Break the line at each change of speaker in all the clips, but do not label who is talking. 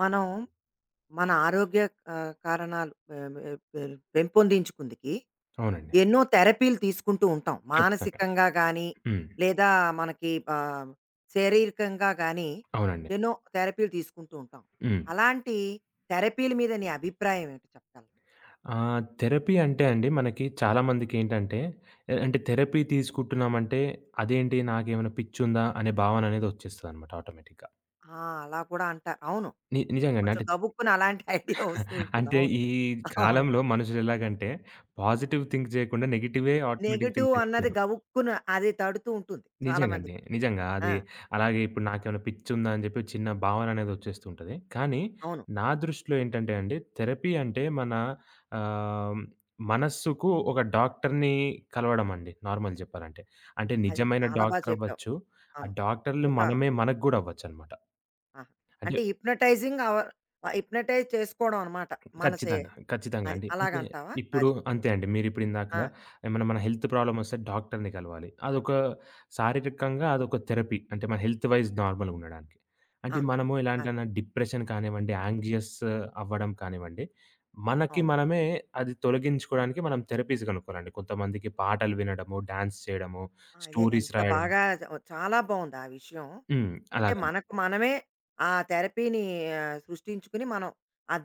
మనం మన ఆరోగ్య ఆహ్, కారణాలు పే పే పే పెంపొందించుకుందుకి
అవునండి.
ఎన్నో థెరపీలు తీసుకుంటూ ఉంటాం.
కచ్చితంగా.
మానసికంగా గాని.
హ్మ్.
లేదా మనకి ఆహ్, శరీరకంగా గాని
అవునండి.
ఎన్నో థెరపీలు తీసుకుంటూ ఉంటాం.
హ్మ్.
అలాంటి థెరపీల మీద నీ అభిప్రాయం ఏమిటి చెప్పగలరా?
ఆహ్, థెరపీ అంటే అండి. మనకి చాలా మందికేంటంటే అంటే. ఆహ్, అంటె థెరపీ తీసుకుంటున్నాం అంటే. అదేంటి నాకేమైనా పిచ్చుందా. అనే భావన అనేది వచ్చేస్తదన్నమాట ఆటోమేటిక్‌గా.
ఆ! అలా కూడా అంటా. అవును.
నీ నిజంగా.
కొంచెం
అంటే
గబుక్కున అలాంటి ఐడియా వస్తూ ఉంటుంది.
అంటే
అవును.
ఈ
అవును.
కాలంలో మనుషులు ఎలాగంటే. పాజిటివ్ థింక్ జేయకుండా నెగెటివే ఆటోమేటిక్ థింక్
నెగెటివ్ అన్నది
చేస్తారు.
గబుక్కున అది తడుతూ ఉంటుంది
నిజంగా అండి.
చాలామందికి.
నిజంగా.
ఆ!
అది అలాగే ఇప్పుడు నాకేమైనా పిచ్చుందా అని చెప్పి ఒక చిన్న భావన అనేది వచ్చేస్తుంటది. కానీ
అవును.
నా దృష్టిలో ఏంటంటే అండి. థెరపీ అంటే మన ఆహ్, మనసుకు ఒక డాక్టర్‌ని కలవడం అండి నార్మల్‌ జెప్పాలంటే. అంటే
అది.
నిజమైన
చాలా బా
డాక్టర్
చెప్పావు.
అవ్వొచ్చు. ఆ
అవును.
డాక్టరులు
ఒక
మనమే మనకు కూడా అవ్వొచ్చు అన్నమాట.
ఆ! అంటే
అంచెప్పి
హిప్నోటైజింగ్ ఆర్ హిప్నోటైజ్ చేసుకోవడం అన్నమాట. మనసే
ఖచ్చితంగా. ఖచ్చితంగా
అది.
అండి.
అలాగ అంటావా?
ఇప్పుడు
అది.
అంతే అండి. మీరు ఇప్పుడు ఇందాక
ఆ!
ఏమైనా మన హెల్త్ ప్రాబ్లమ్ వస్తే డాక్టర్‌ని కలవాలి. అదొక శారీరకంగా అదొక థెరపీ అంటే మన హెల్త్ వైస్ నార్మల్‌గా ఉండడానికి.
ఆ!
అంటే మనము ఇలాంటి
ఆ!
డిప్రెషన్ కానివ్వండి యాంక్సియస్ అవ్వడం కానివ్వండి. మనకి
అవును.
మనమే అది తొలగించుకోవడానికి మనం థెరపీస్ కనుక్కోవాలండి. కొంతమందికి పాటలు వినడము, డాన్స్ చేయడము,
అదే
స్టోరీస్
ఎంత
రాయడం.
బాగా [unintelligible] చాలా బావుంది ఆ విషయం.
హ్మ్.
అంటే
అలాగండి.
మనకు మనమే ఆ థెరపీని ఆహ్, సృష్టించుకుని. మనం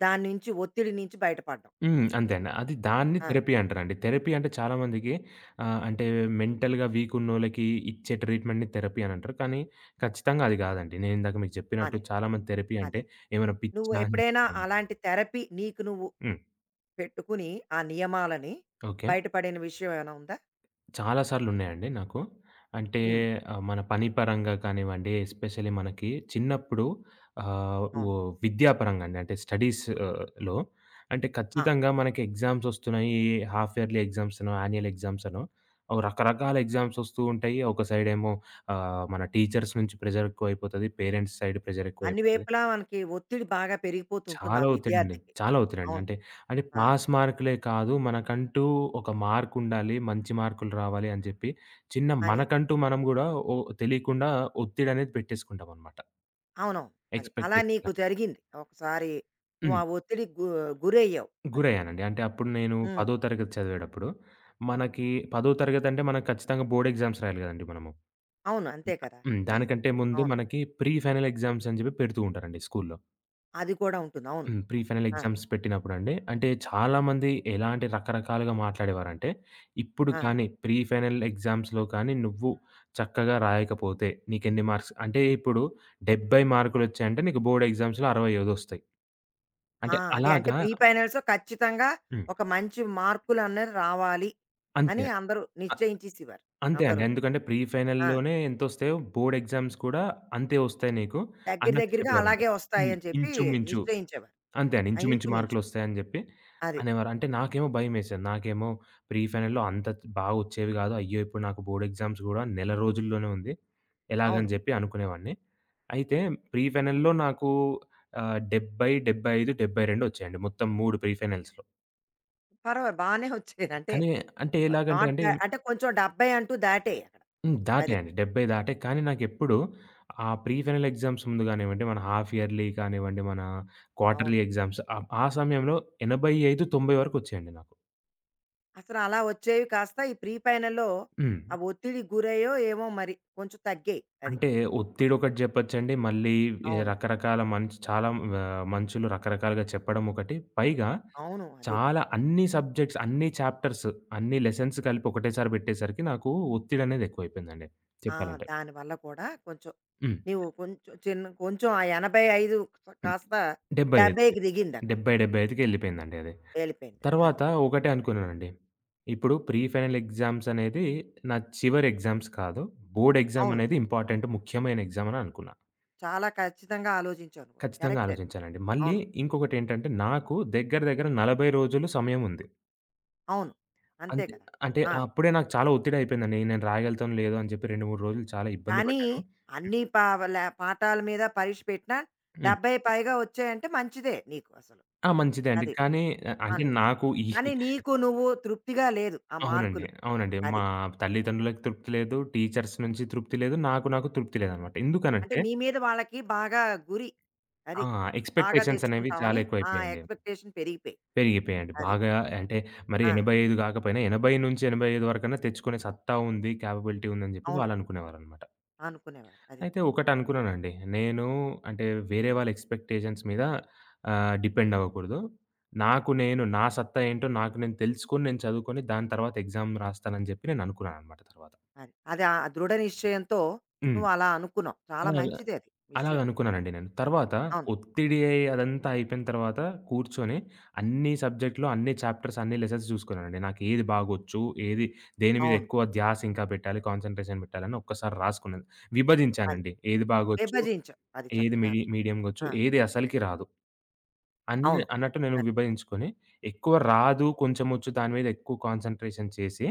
దాన్ని నుంచి ఒత్తిడి నుంచి బయటపడ్డాం.
హ్మ్. అంతే అండి. అది దాన్ని
ఆ!
థెరపీ అంటారండి. థెరపీ అంటే చాలా మందికి ఆహ్, అంటే మెంటల్‌గా వీకున్నోళ్ళకి ఇచ్చే ట్రీట్‌మెంట్‌ని థెరపీ అని అంటారు. కానీ ఖచ్చితంగా అది కాదండి. నేను ఇందాక మీకు చెప్పినట్టు
అదే.
చాలా మంది థెరపీ అంటే
అదే.
ఏమైనా
నువ్వు
పిచ్చా
ఎప్పుడైనా
[unintelligible]
అలాంటి థెరపీ నీకు నువ్వు
హ్మ్.
పెట్టుకుని. ఆ నియమాలని
ఓకే.
బయటపడిన విషయం ఏమైనా ఉందా?
చాలా సార్లు ఉన్నాయండి నాకు. అంటే
హ్మ్.
మన పని పరంగా కానివ్వండి. ఎస్పెషల్లీ మనకి చిన్నప్పుడు ఆహ్, వ్
అవును.
విద్యా పరంగా అండి. అంటే స్టడీస్‌లో అంటే
ఆ!
ఖచ్చితంగా మనకి ఎగ్జామ్స్ వస్తున్నాయి. హాల్ఫ్ యర్లీ ఎగ్జామ్స్ అనో యాన్యుయల్ ఎగ్జామ్స్ అనో రకరకాల అవి ఎగ్జామ్స్ వస్తూ ఉంటాయి. ఒక సైడ్ ఏమో ఆహ్, మన టీచర్స్ నుంచి ప్రెషర్ ఎక్కువ అయిపోతది. పేరెంట్స్ సైడ్ ప్రెషర్
అన్ని
ఎక్కువైపోతుంది.
వైపులా మనకి ఒత్తిడి బాగా పెరిగిపోతుంటుంది.
చాలా
ఆ
ఒత్తిడి అండి.
విద్యార్థికి.
చాలా ఒత్తిడి అండి.
అవును.
అంటే అది
ఆ!
పాస్ మార్క్‌లే కాదు మనకంటూ ఒక మార్క్ ఉండాలి. మంచి మార్క్‌లు రావాలి. అని చెప్పి చిన్న
అని.
మనకంటూ మనం కూడా. ఓ తెలియకుండా ఒత్తిడి అనేది పెట్టేసుకుంటాం అన్నమాట.
అవునవును. అది. అలా
ఎక్స్‌పెక్టేషన్స్
నీకు
అని.
జరిగింది. ఒకసారి నువ్వు
హ్మ్.
ఆ ఒత్తిడికి గూ గురయ్యావు అది.
గురయ్యానండి. అంటే అప్పుడు నేను
హ్మ్.
పదో తరగతి చదివేటప్పుడు. మనకి పదో తరగతి అంటే మనకు ఖచ్చితంగా బోర్డ్ ఎగ్జామ్స్ రాయాలి కదండీ మనము.
అవును. అంతే కదా!
హ్మ్.
అది.
దానికంటే ముందు
అవును.
మనకి ప్రీ ఫైనల్ ఎగ్జామ్స్ అని చెప్పి పెడుతూ ఉంటారండి స్కూలులో.
అది కూడా ఉంటుంది. అవును.
హ్మ్. ప్రీ ఫైనల్
ఆ!
ఎగ్జామ్స్ పెట్టినప్పుడండి. అంటే, చాలా మంది ఎలాంటి రకరకాలుగా మాట్లాడేవారంటే, ఇప్పుడు
ఆ!
కానీ, ప్రీ ఫైనల్ ఎగ్జామ్స్‌లో కానీ, నువ్వు చక్కగా రాయకపోతే, నీకెన్ని మార్క్స్ అంటే ఇప్పుడు 70 మార్కులొచ్చాయంటే నీకు బోర్డ్ ఎగ్జామ్స్‌లో 65 ఒస్తాయి.
ఆ!
అంటే
అదే. అంటే
అలాగా
ప్రీ ఫైనల్స్‌లో ఖచ్చితంగా
హ్మ్.
ఒక మంచి మార్కులనేవి రావాలి
అంతే.
అని అందరూ
అ
నిశ్చయించేసేవారు
అంతే అండి.
అందరూను.
ఎందుకంటే ప్రీ ఫైనల్
ఆ!
లోనే ఎంతొస్తయో బోర్డ్ ఎగ్జామ్స్ కూడా అంతే ఒస్తాయి నీకు
దెగ్గర
అన్నట్టు
దెగ్గరగా
చెప్పేవారండి.
అలాగే
హ్మ్.
ఒస్తాయని చెప్పి
ఇంచుమించు,
నిశ్చయించేవారు.
అంతే అండి.
ఆ!
ఇంచుమించు
ఇంచు మించు.
మార్కులొస్తాయని జెప్పి
అది.
అనేవారు. అంటే, నాకేమో భయమేసేది. నాకేమో ప్రీ ఫైనల్‌లో అంత బాగొచ్చేవి గాదు. అయ్యో! ఇప్పుడు నాకు బోర్డ్ ఎగ్జామ్స్ గూడా నెల రోజుల్లోనే ఉంది. ఎలాగని
అవును.
జెప్పి అనుకునేవాడిని. అయితే ప్రీ ఫైనల్‌లో నాకు ఆహ్, 70, 75, 72 ఒచ్చాయండి మొత్తం 3 ప్రీ ఫైనల్స్‌లో.
పర్వా బానే ఒచ్చాయి. అంటే
కానీ, అంటే
అ
ఎలాగంటే
నాట్
అండి
బ్యా అంటే కొంచెం 70 అంటూ దాటాయి అక్కడ.
హ్మ్.
అది.
దాటాయండి. 70 దాటాయి. కానీ, నాకెప్పుడు ఆ ప్రీ ఫైనల్ ఎగ్జామ్స్ ముందు గానివ్వండి, మన హాఫ్ ఇయర్లీ కానివ్వండి, మన క్వార్టర్లీ
అవును.
ఎగ్జామ్స్ ఆ ఆ సమయంలో 85, 90 వరకొచ్చాయండి నాకు.
అసలు అలా ఒచ్చేవి కాస్త ఈ ప్రీ ఫైనల్లో ఆ
హ్మ్.
ఒత్తిడికి గురయ్యో ఏమో, మరి కొంచెం తగ్గాయి. అది.
అంటే, ఒత్తిడొకటి జెప్పొచ్చండి. మళ్ళీ ఈ
అవును.
రకరకాల మనుష్ చాలా వ మనుషులు రకరకాలుగా చెప్పడమొకటి. పైగా
అవును. అది
చాలా అన్నీ సబ్జెక్ట్స్, అన్నీ చాప్టర్స్, అన్నీ లెసన్స్ కలిపి ఒకటేసారి బెట్టేసరికి నాకు ఒత్తిడనేది ఎక్కువైపోయిందండి
ఆ!
చెప్పాలంటే.
దాని వల్ల కూడా కొంచెం
హ్మ్.
నీవు కొంచెం చిన్న కొంచెం ఆ 85
హ్మ్.
కాస్త
75కి
70కి దిగిందక్కడ.
70, 75కి ఎళ్ళిపోయిందండి అది.
వెళ్లిపోయిందది. అది.
తరువాత ఒకటే అనుకున్నానండి, ఇప్పుడు ప్రీ ఫైనల్ ఎగ్జామ్సనేది నా చివరి ఎగ్జామ్స్ కాదు. బోర్డ్
అవును.
ఎగ్జామనేది ఇంపార్టెంటు, ముఖ్యమైన ఎగ్జామ్ అననుకున్నా.
చాలా ఖచ్చితంగా ఆలోజించావు నువ్వు.
ఖచ్చితంగా
కరెక్టది.
ఆలోచించానండి. మళ్ళీ
అవును.
ఇంకొకటేంటంటే నాకు దగ్గర దగ్గర 40 రోజులు సమయం ఉంది.
అవును. అంతే
అంతే
కదా!
అంటే
ఆ!
అప్పుడే నాకు చాలా ఒత్తిడయిపోయిందని నేను రాయగలుగుతానో లేదో అని జెప్పి 2, 3 రోజులు చాలా ఇబ్బంది
కానీ,
బడ్డాను. హ్మ్.
అన్నీ పావల పాఠాల మీద పరీక్ష పెట్టినా
హ్మ్.
70 పైగా ఒచ్చాయంటే మంచిదే నీకు అసలు.
ఆ! మంచిదే అండి.
అది.
కానీ, అ అంటే
అని.
నాకు ఈ
కానీ నీకు నువ్వు తృప్తిగా లేదు ఆ
అవునండి.
మార్కులు.
అవునండి. మా
అది.
తల్లిదండ్రులకు తృప్తి లేదు. టీచర్స్ నుంచి తృప్తి లేదు. నాకు నాకు తృప్తి లేదనమాట.
అంటే,
ఎందుకనంటే
నీ మీద వాళ్ళకి బాగా గురి.
ఆ!
అది. బాగా
ఎక్స్‌పెక్టేషన్స్ అనేవి చాలా
తెచ్చుకుంటావని, ఆ
ఎక్కువైపోయాయండి.
ఎక్స్‌పెక్టేషన్ పెరిగిపోయాయి.
పెరిగిపోయాయండి.
అది.
బాగా అంటే, మరీ
ఆ!
85 గాకపోయినా 80-85 వరకన్నా తెచ్చుకునే సత్తా ఉంది, కేపబిలిటీ ఉందని జెప్పి
అవును.
వాళ్ళనుకునేవారనమాట.
అనుకునేవారు. అది.
అయితే, ఒకటనుకున్నానండి నేను. అంటే, వేరే వాళ్ళ ఎక్స్‌పెక్టేషన్స్ మీద ఆహ్, డిపెండ్ అవ్వకూడదు. నాకు నేను, నా సత్తా ఏంటో నాకు నేను తెలుసుకొని, నేను చదువుకొని, దాని తర్వాత ఎక్సామ్ రాస్తాను అని జెప్పి నేననుకున్నాననమాట తరువాత.
అది. అది ఆ దృఢ నిశ్చయంతో
హ్మ్.
నువ్వు అలా అనుకున్నావు. చాలా
అలాగ,
మంచిదది
అలాగ
విషయం.
అలాగనుకున్నానండి నేను. తరువాత
అవును.
ఒత్తిడి అదంతా అయిపోయిన తరువాత కూర్చొని అన్నీసబ్జెక్టులు, అన్నీ చాప్టర్స్, అన్నీ లెసన్స్ జూసుకున్నానండి. నాకు ఏది బాగొచ్చు, ఏది దేని మీద
అవును.
ఎక్కువ ధ్యాసింకా పెట్టాలి, కాన్సన్‌ట్రేషన్ పెట్టాలి అని ఒక్కసారి రాసుకున్నాను.
అది.
విభజించానండి. ఏది బాగొచ్చు,
విభజించావు అది
ఏది మిడి
చక్కగాను.
మీడియంగా ఒచ్చు,
ఆ!
ఏది అసలకి రాదు. అన్నీ
అవును.
అన్నట్టు నేను
అది.
విభజించుకొని ఎక్కువ రాదు, కొంచెం ఒచ్చు దాని మీద ఎక్కువ కాన్సన్‌ట్రేషన్ చేసి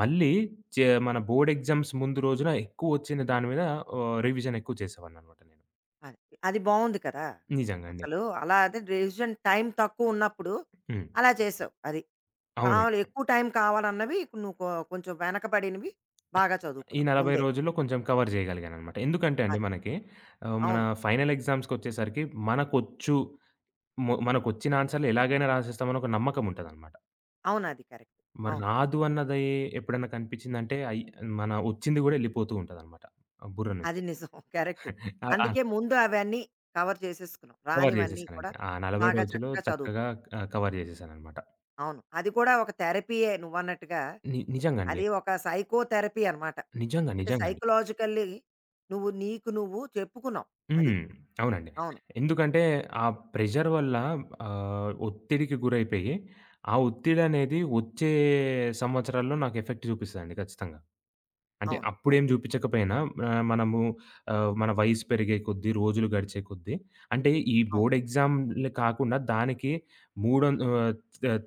మళ్ళీ ఒచ్చే మన బోర్డ్ ఎగ్జామ్స్ ముందు రోజున ఎక్కువ ఒచ్చిన దాని మీద ఆహ్, రివిజన్ ఎక్కువ చేసేవాడిననమాట నేను.
అది. అది బావుంది కదా!
నిజంగండి.
అసలు అలా అది డెసిషన్ టైం తక్కువున్నప్పుడు
హ్మ్.
అలా చేసావు. అది. కావాలి,
అవునండి.
ఎక్కువ టైం కావాలన్నవి నువ్వు కొ కొంచెం వెనకబడినవి బాగా
ఈ
చదువుకున్నావు
40
ముందే.
రోజుల్లో కొంచెం కవర్ జేయగలిగాననమాట. ఎందుకంటే అండి
అది.
మనకి ఆహ్, మన
అవును.
ఫైనల్ ఎగ్జామ్స్‌కొచ్చేసరికి మనకొచ్చు మొ మనకొచ్చిన ఆన్సర్‌లెలాగైనా రాసేస్తాం అని ఒక నమ్మకముంటాదనమాట.
అవును. అది కరెక్ట్
మరి
అవును.
రాదు అన్నది ఎప్పుడన్నా కనిపించిందంటే అయ్ మన ఒచ్చింది కూడా ఎళ్ళిపోతూ ఉంటాదనమాట. ఆ బుర్ర నుంచి.
అది నిజం కరెక్టు.
ఆ!
అందుకే ముందు అవన్నీ కవర్ జేసేసుకున్నావు.
కవర్
రానివన్నీ
జేసేసానండి.
కూడా
ఆ 40
బాగా
రోజులు
చక్కగా
చక్కగా
చదువుకున్నావు.
క్ ఆ! కవర్ జేసేసాననమాట.
అవును. అది కూడా ఒక థెరపీయే నువ్వన్నట్టుగా,
ని నిజంగా అండి.
అది ఒక సైకోథెరపీ అనమాట.
నిజంగా.
అంటే
నిజంగా అండి.
సైకలాజికల్లి నువ్వు, నీకు నువ్వు చెప్పుకున్నావు. అది.
హ్మ్. అవునండి.
అవును.
ఎందుకంటే ఆ ప్రెషర్ వల్ల ఆహ్, ఒత్తిడికి గురైపోయి, ఆ ఒత్తిడనేది వచ్చే సంవత్సరాల్లో నాకు ఎఫెక్ట్ జూపిస్తదండి ఖచ్చితంగా. అంటే
అవును.
అప్పుడేం
కరెక్ట్.
జూపిచ్చకపోయినా, ఆహ్, మనము ఆహ్, మన వయసు పెరిగే కొద్ది రోజులు గడిచే కొద్ది అంటే ఈ
అవును.
బోర్డ్ ఎక్సామ్‌లే కాకుండా దానికి మూడొం ఆహ్,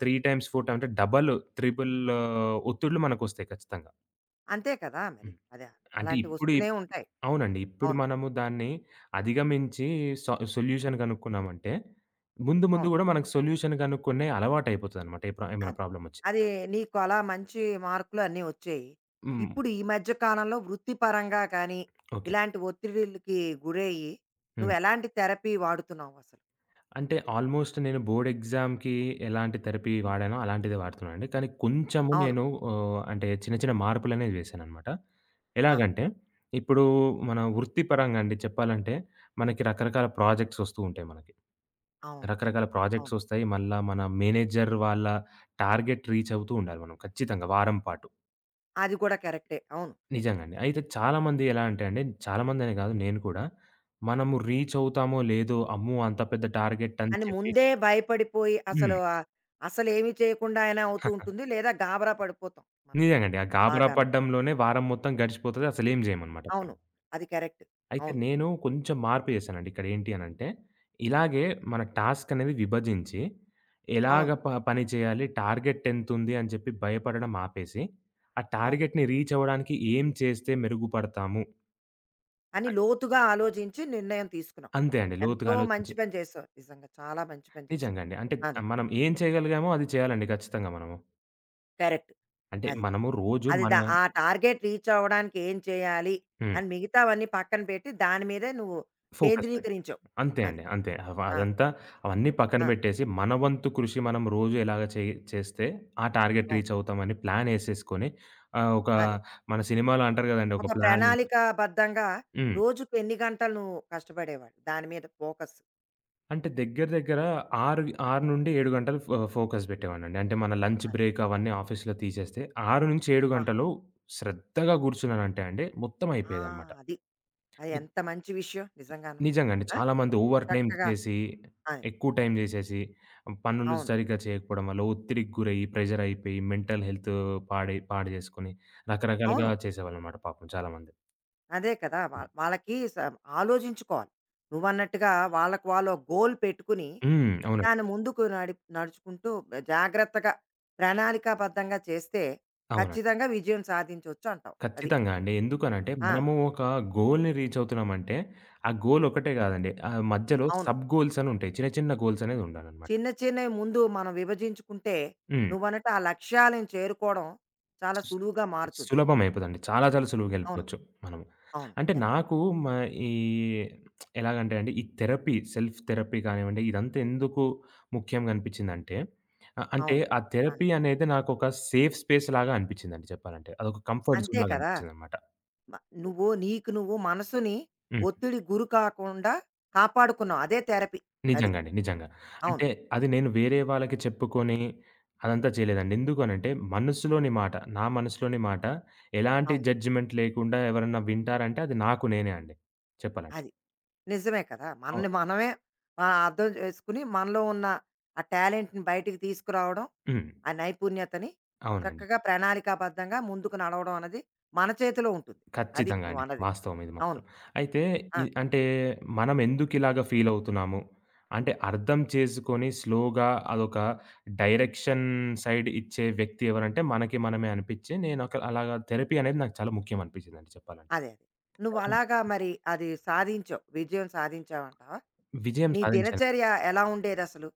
3 టైమ్స్, 4 టైమ్ అంటే డబులు, ట్రిబులూ ఒత్తిడులు మనకొస్తాయి ఖచ్చితంగా.
అంతే కదా మరి.
హ్మ్.
అదా
అంటే
అలాంటివి
ఇప్పుడు
వస్తూనే
ఇప్
ఉంటాయి.
అవునండి. ఇప్పుడు
అవును.
మనము దాన్ని అధిగమించి సా సొల్యూషన్ గనుక్కున్నామంటే, ముందు, ముందు
అవును.
గూడా మనకు సొల్యూషన్ గనుక్కునే అలవాటయిపోతదన్నమాట. ఎప్పుడైనా
అది.
ప్రాబ్లమొచ్చి
అది నీకు అలా మంచి మార్కులు అన్నీ వచ్చాయి.
హ్మ్.
ఇప్పుడు ఈ మధ్య కాలంలో వృత్తి పరంగా కానీ,
ఓకే.
ఇలాంటి ఒత్తిడిలకి గురయ్యి,
హ్మ్.
నువ్వెలాంటి థెరపీ వాడుతున్నావసలు?
అంటే, ఆల్మోస్ట్ నేను బోర్డ్ ఎగ్సామ్‌కి ఎలాంటి థెరపీ వాడానో, అలాంటిదే వాడుతున్నానండి. కానీ కొంచెము
అవును.
నేను ఆహ్, అంటే, చిన్న, చిన్న మార్పులనేవి వేశానన్నమాట.
ఆ!
ఎలాగంటే, ఇప్పుడు మన వృత్తి పరంగా అండి చెప్పాలంటే, మనకి రకరకాల ప్రొజెక్ట్స్ ఒస్తూంటాయి మనకి.
అవును. కరెక్ట్.
రకరకాల ప్రొజెక్ట్స్
అవును.
ఒస్తాయి. మళ్ళా మన మేనేజర్ వాళ్ళ టార్గెట్ రీచవుతూ ఉండాలి మనం ఖచ్చితంగా వారం పాటు.
అది కూడా కరెక్టే. అవును.
నిజంగా అండి. అయితే చాలా మంది ఎలా అంటే అండి చాలా మంది అనేగాదు నేను కూడా, మనము రీచవుతామో? లేదో? అమ్మో! అంత పెద్ద టార్గెటని
అని
చెప్పి
ముందే భయపడిపోయి, అసలు
హ్మ్.
అసలేమి చేయకుండా అయినా అవుతూ ఉంటుంది. లేదా గాబరా పడిపోతాం మనం
నిజంగా అండి. ఆ గాబరా
బాగాను.
పడడంలోనే, వారం మొత్తం గడిచిపోతది అసలేం జేయమన్నమాట.
అవును. అది కరెక్టు.
అయితే
అవును.
నేను కొంచెం మార్పు జేసానండి. ఇక్కడేంటి అనంటే, ఇలాగే మన టాస్కనేది విభజించి,
అవును.
ఎలాగా ప పని చేయాలి, టార్గెటెంతుంది అని జెప్పి భయపడడం ఆపేసి, ఆ
అవును.
టార్గెట్‌ని రీచవ్వడానికి ఏం చేస్తే మెరుగుపడతాము?
అని
అ
లోతుగా ఆలోచించి, నిర్ణయం తీసుకున్నావు.
అంతే అండి. లోతుగా
ఎంతో
ఆలోచించి
మంచి పని చేసావు. నిజంగా చాలా మంచి పని చేసావు.
నిజంగా అండి. అంటే
అది.
ఆహ్, మనం ఏం చేయగలిగామో, అది చేయాలండి ఖచ్చితంగా మనము.
కరెక్టు
అంటే
అది.
మనము రోజు
అది ద
మనం
ఆ టార్గెట్ రీచ్ అవ్వడానికి ఏం చేయాలి
హ్మ్.
అని మిగతావన్నీ పక్కన పెట్టి దాని మీదే నువ్వు
ఫోకస్ పెట్టు
కేంద్రీకరించావు,
అంతే
అది.
అండి. అంతే. వ
ఆ!
అదంతా అవన్నీ పక్కన
ఆ!
బెట్టేసి, మన వంతు కృషి మనం రోజు ఎలాగ చేయ్ చేస్తే, ఆ టార్గెట్
అవును.
రీచ్ అవుతామని ప్లానేసేసుకొని, ఆహ్, ఒక
అది.
మన సినిమాలో అంటారు గదండీ! ఒక
ఒక
ప్లానింగ్
ప్రణాళికా బద్ధంగా
హ్మ్.
రోజుకు ఎన్ని గంటలు నువ్వు కష్టపడేవాడు దాని మీద ఫోకస్?
అంటే దెగ్గర దెగ్గర ఆరు ఆరు నుండి 7 గంటలు ఫ ఫోకస్ బెట్టేవాడినండి. అంటే మన లంచ్
అది.
బ్రేక్ అవన్నీ ఆఫీస్‌లో తీసేస్తే, 6-7
ఆహా!
గంటలు శ్రద్ధగా గూర్చున్నానంటే అండి, మొత్తం
ఆ!
అయిపోయేదన్నమాట.
అది. అది
ని
ఎంత మంచి విషయం నిజంగాను.
నిజంగా అండి.
ఆ!
చాలా మంది ఓవర్ టైమ్
చక్కగా.
చేసి
ఆ!
ఎక్కువ టైం జేసేసి, పనులు
అవును.
సరిగ్గా చేయకపోవడం వల్ల ఒత్తిడికి గురయ్యి, ప్రెషర్ అయిపోయి, మెంటల్ హెల్తు పాడై పాడుచేసుకొని రకరకాలుగా
అవును.
చేసేవాళ్ళన్నమాట పాపం చాలా మంది.
అదే కదా! వాళ్ వాళ్ళకి స ఆలోచించుకోవాలి. నువ్వన్నట్టుగా వాళ్ళకి వాళ్ళు ఒక గోల్ పెట్టుకుని
హ్మ్. అవునండి.
దాన్ని ముందుకు నడి నడుచుకుంటూ జాగ్రత్తగా ప్రణాళికాబద్ధంగా చేస్తే
అవునండి.
ఖచ్చితంగా విజయం సాధించొచ్చంటావు అది.
ఖచ్చితంగా అండి. ఎందుకనంటే
ఆ!
మనము ఒక గోల్‌ని రీచవుతున్నామంటే ఆ గోలొక్కటే కాదండి. ఆ మధ్యలో
అవును.
సబ్ గోల్స్ అని ఉంటాయి. చిన్న చిన్న గోల్స్ అనేదుండాలనమాట.
చిన్న చిన్నవి ముందు మనం విభజించుకుంటే
హ్మ్.
నువ్వన్నట్టు ఆ లక్ష్యాలను చేరుకోవడం చాలా సులువుగా మారుతుంది.
సులభం అయిపొదండి. చాలా చాలా
అవును.
సులువుగెళ్ళిపోవచ్చు మనం.
అవును.
అంటే
కరెక్ట్.
నాకు మా ఈ ఎలాగంటే అండి, ఈ థెరపీ సెల్ఫ్ థెరపీ గానివ్వండి ఇదంతా ఎందుకు ముఖ్యంగా అనిపిచ్చిందంటే అంటే
అవును.
ఆ
ఆ!
థెరపీ అనేది నాకొక సేఫ్ స్పేస్‌లాగా అనిపిచ్చిందండి చెప్పాలంటే అదొక కంఫర్ట్
అంతే
జోన్‌లాగా
కదా!
అనిపిచ్చిందన్నమాట.
మ నువ్వు నీకు నువ్వు మనసుని
హ్మ్.
ఒత్తిడికి గురి కాకుండా కాపాడుకున్నావు అదే థెరపీ అది.
నిజంగండి. నిజంగా.
అవును.
అంటే అది నేను వేరే వాళ్ళకి చెప్పుకొని, అదంతా చేయలేదండి. ఎందుకనంటే మనసులోని మాట, నా మనసులోని మాట ఎలాంటి
అవును.
జడ్జ్‌మెంట్ లేకుండా ఎవరైనా వింటారంటే అది నాకు నేనే అండి చెప్పాలంటే.
అది. నిజమే కదా!
అవు
మనని మనమే ఆహ్, అర్థం చేసుకొని మనలో ఉన్న ఆ టాలెంట్‌ని బయటికి తీసుకురావడం
హ్మ్.
ఆ నైపుణ్యతని
అవునండి.
చక్కగా ప్రణాళికాబద్ధంగా ముందుకు నడవడం అన్నది మన చేతిలో ఉంటుంది. అది
ఖచ్చితంగా
నువ్వు
అండి.
అన్నది.
వాస్తవం ఇది
అవును.
మాత్రం. అయితే
ఆ!
ఇ అంటే మనం ఎందుకిలాగా ఫీలవుతున్నాము. అంటే అర్థం చేసుకొని స్లోగా, అదొక డైరెక్షన్ సైడ్ ఇచ్చే వ్యక్తి ఎవరంటే మనకి మనమే అనిపిచ్చే నేనొక అలాగా థెరపీ అనేది నాకు చాలా ముఖ్యమనిపిచ్చిందండి చెప్పాలంటే.
అదే. నువ్వు అలాగా
[unintelligible]
మరి అది సాధించావు. విజయం సాధించావంటావా?
విజయం
నీ
సాధించాలి.
దినచర్య ఎలా ఉండేదసలు?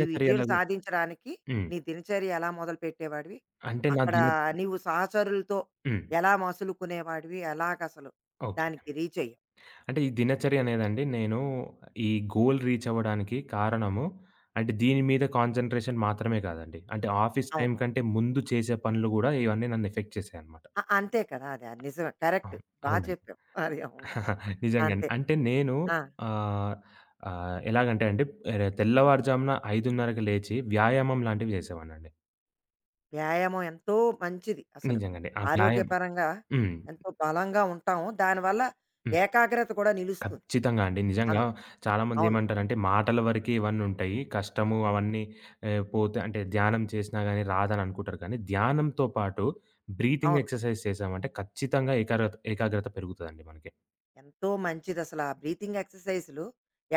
ఈ విజయం సాధించడానికి
హ్మ్.
నీ దినచర్య ఎలా మొదలుపెట్టేవాడివి?
అంటే నా
అక్కడ
దిన
నీవు సహచరులతో
హ్మ్.
ఎలా మసలుకునేవాడివి? ఎలాగసలు
ఓకే.
దానికి రీచ్ అయ్యి
అంటే ఈ దినచర్యనేదండి నేను ఈ గోల్ రీచవ్వడానికి కారణము, అంటే దీని మీద కాన్సంట్రేషన్ మాత్రమే గాదండి. అంటే ఆఫీస్ టైమ్
అవునవును.
కంటే ముందు చేసే పనులు గూడా ఇవన్నీ నన్ను ఎఫెక్ట్ చేసాయన్నమాట.
అ అంతే కదా! అది నిజమే
ఆ!
కరెక్టు. బా
అవునండి.
చెప్పావు. అది అవును.
నిజంగానే.
అంతే.
అంటే నేను
ఆ!
ఆహ్, ఆహ్, ఎలాగంటెండి ఏ తెల్లవారుజామున 5:30 లేచి వ్యాయామం లాంటివి జేసేవాడినండి
వ్యాయామం ఎంతో మంచిది అసలు.
నిజంగండి. ఆ! వ్యాయామం.
ఆరోగ్యపరంగా
హ్మ్.
ఎంతో బలంగా ఉంటాము. దానివల్ల
హ్మ్.
ఏకాగ్రత కూడా నిలుస్తుంది.
ఖచ్చితంగా అండి. నిజంగా,
అవును. అవును.
చాలామందేమంటారంటే మాటల వరకే ఇవన్నుంటాయి. కష్టము అవన్నీ ఆహ్, పోతే అంటే ధ్యానం చేసినా గాని, రాదననుకుంటారు గాని, ధ్యానంతో పాటు బ్రీతింగ్
అవును.
ఎక్సర్సైజ్ చేసామంటే ఖచ్చితంగా ఏకారత ఏకాగ్రత పెరుగుతదండి మనకి.
ఎంతో మంచిదసల. ఆ బ్రీతింగ్ ఎక్సర్‌సైజ్లు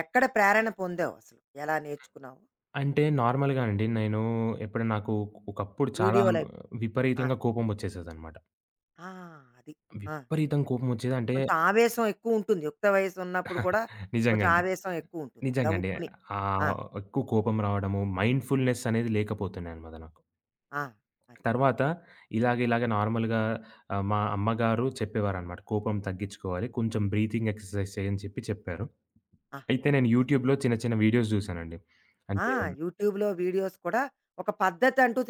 ఎక్కడ ప్రేరణ పొందావసలు? ఎలా
హ్మ్.
నేర్చుకున్నావు?
అంటే
అది.
నార్మల్‌గా అండి నేను ఎప్పుడైనా నాకు ఒకప్పుడు చాలా
వీడియోలయి ఆ!
విపరీతంగా కోపమొచ్చేసేదన్నమాట.
ఆ! అది. ఆ!
విపరీతంగా కోపమొచ్చేదంటే
కొంచెం ఆవేశం ఎక్కువుంటుంది. యుక్త వయస్సు ఉన్నప్పుడు కూడా కొంచెం
నిజంగండి.
ఆవేశం ఎక్కువుంటుంది.
నిజంగండి.
గబుక్కుని
ఆ
ఆ!
ఎక్కువ కోపం రావడము మైండ్‌ఫుల్‌నెస్ అనేది లేకపోతుండే అన్నమాద నాకు.
ఆ! అది.
తరువాత, ఇలాగ ఇలాగ నార్మల్‌గా ఆహ్, మా అమ్మగారు చెప్పేవారనమాట. "కోపం తగ్గిచ్చుకోవాలి. కొంచెం బ్రీతింగ్ ఎక్సర్సైజెస్ చెయ్యు" అని చెప్పి చెప్పారు.
ఆ!
అయితే నేను
ఆ!
యూట్యూబ్‌లో చిన్న చిన్న వీడియోస్ చూసానండి.
ఆ!
అంటే
యూట్యూబ్‌లో వీడియోస్ కూడా ఒక పద్ధతంటూ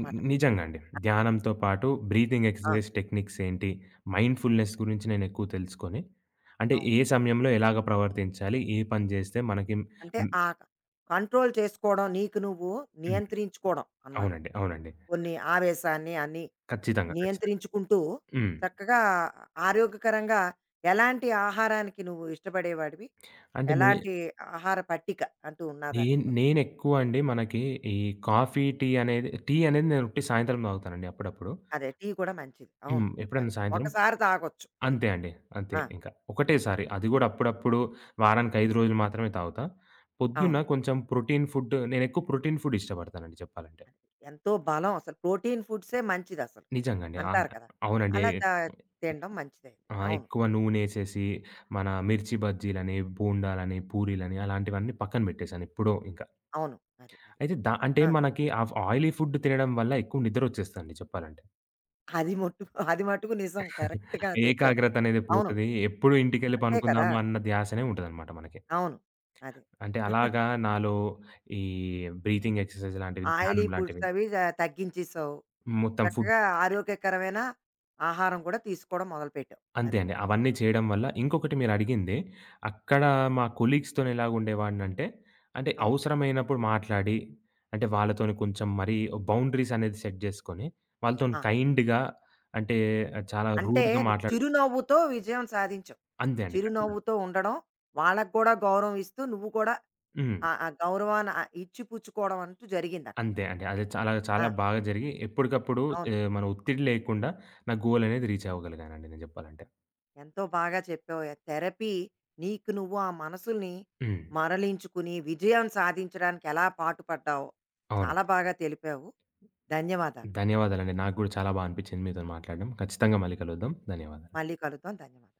ని
మీకు.
నిజంగా అండి.
ఆ!
ధ్యానంతో పాటు, బ్రీతింగ్
ఆ!
ఎక్సర్సైజెస్ టెక్నిక్స్ ఏంటి? మైండ్‌ఫుల్‌నెస్ గురించి నేనెక్కువ తెలుసుకొని, అంటే
అవును.
ఏ సమయంలో ఎలాగా ప్రవర్తించాలి? ఏ పని చేస్తే మనకి
అంటే,
హ్మ్.
ఆ క కంట్రోల్ చేసుకోవడం, నీకు నువ్వు
హ్మ్.
నియంత్రించుకోవడం అన్నమాట.
అవునండి. అవునండి.
కొన్ని ఆవేశాన్ని, అన్ని
ఖచ్చితంగా. ఖచ్చితంగా.
నియంత్రించుకుంటూ,
హ్మ్.
చక్కగా ఆరోగ్యకరంగా ఎలాంటి ఆహారానికి నువ్వు ఇష్టపడేవాడివి?
అంటే నె
ఎలాంటి ఆహార పట్టిక అంటూ ఉన్నదా
నేన్
నీకూ?
నేనెక్కువండి మనకి ఈ కాఫీ, టీ అనేది టీ అనేది నేను ఉట్టి సాయంత్రం తాగుతానండి అప్పుడప్పుడు.
అదే. టీ కూడా మంచిది. అవును.
హ్మ్. ఎప్పుడైనా
దాకే
సాయంత్రం
ఒకసారి తాగొచ్చు. అది.
అంతే అండి. అంతే
ఆ!
ఇంక ఒకటేసారి. అది కూడా అప్పుడప్పుడు వారానికి 5 రోజులు మాత్రమే తాగుతా. పొద్దున్న
అవును.
కొంచెం ప్రోటీన్ ఫుడ్డు నేనెక్కువ ప్రోటీన్ ఫుడ్ ఇష్టపడతానండి చెప్పాలంటే.
అంతే. ఎంతో బలం అసలు ప్రోటీన్ ఫుడ్సే మంచిదసలు
నిజంగండి. అవును.
అంటారు కదా!
అవునండి. ఎ
అలా త
ఎ
తిడం మంచిదే.
ఆహ్,
అవును.
ఎక్కువ నూనేసేసి, మన మిర్చి బజ్జీలని, బోండాలని, పూరీలని అలాంటివన్నీ పక్కన బెట్టేసాను ఎప్పుడో ఇకా.
అవును. అదే, అదే.
అయితే ద అంటే
ఆ!
మనకి ఆ ఆయిలీ ఫుడ్డు తినడం వల్ల ఎక్కువ నిద్దరొచ్చేస్తదండి చెప్పాలంటే.
అది మోట్టుకు అది మటుకు నిజం. కరెక్ట్‌గా చెప్పావు.
ఏకాగ్రత అనేది
అవును.
పోతది. ఎప్పుడు ఇంటికెళ్ళి
అంతే కదా!
పనుకుందామా అన్న ధ్యాసనే ఉంటదన్నమాట మనకి.
అవును. అదే.
అంటే అలాగా నాలో ఈ బ్రీతింగ్ ఎక్సర్‌సైజ్ లాంటివి,
ఆయిలీ
ధ్యానం లాంటివి
ఫుడ్సవి జ తగ్గించేసావు.
మొత్తం ఫుడ్
చక్కగా ఆరోగ్యకరమైన ఆహారం కూడా తీసుకోవడం మొదలుపెట్టావు.
అంతే
అది.
అండి. అవన్నీ చేయడం వల్ల ఇంకొకటి మీరు అడిగింది, అక్కడ మా కొలీగ్స్‌తో ఎలాగా ఉండేవాడినంటే, అంటే,
అవును.
అవసరమైనప్పుడు మాట్లాడి, అంటే వాళ్ళతోని కొంచెం మరి బౌండరీసనేది సెట్ జేసుకొని, వాళ్ళతోని
ఆ!
కైండ్‌గా, అంటే చాలా
అంటే,
రూడ్‌గా మాట్లాడు
చిరునవ్వుతో విజయం సాధించావు.
అంతే అండి. ఖచ్చితంగా.
చిరునవ్వుతో ఉండడం వాళ్ళకి కూడా గౌరవం ఇస్తూ, నువ్వు కూడా
హ్మ్.
ఆ ఆ గౌరవాన్ని ఇచ్చిపుచ్చుకోవడం అంటూ జరిగిందక్కడ.
అంతే అండి. అది చాలా, చాలా
ఆ!
బాగా జరిగి, ఎప్పుడిప్పుడు
అవును.
ఏహ్, మనకి ఒత్తిడి లేకుండా, నా గోలనేది రీచ్ అవ్వగలిగానండి, నేను జెప్పాలంటే.
ఎంతో బాగా చెప్పావో య థెరపీ నీకు నువ్వు, ఆ మనసుల్ని
హ్మ్.
మరలించుకుని విజయం సాధించడానికి ఎలా పాటుపడ్డావు
అవునండి.
చాలా బాగా తెలిపావు. ధన్యవాదాలు.
ధన్యవాదాలు అండి. నాకు గూడా చాలా బా అనిపించింది మీతోని మాట్లాడడం. ఖచ్చితంగా మల్లి కలుద్దాం. ధన్యవాదాలు.
మళ్ళీ కలుద్దాం. ధన్యవాదాలు.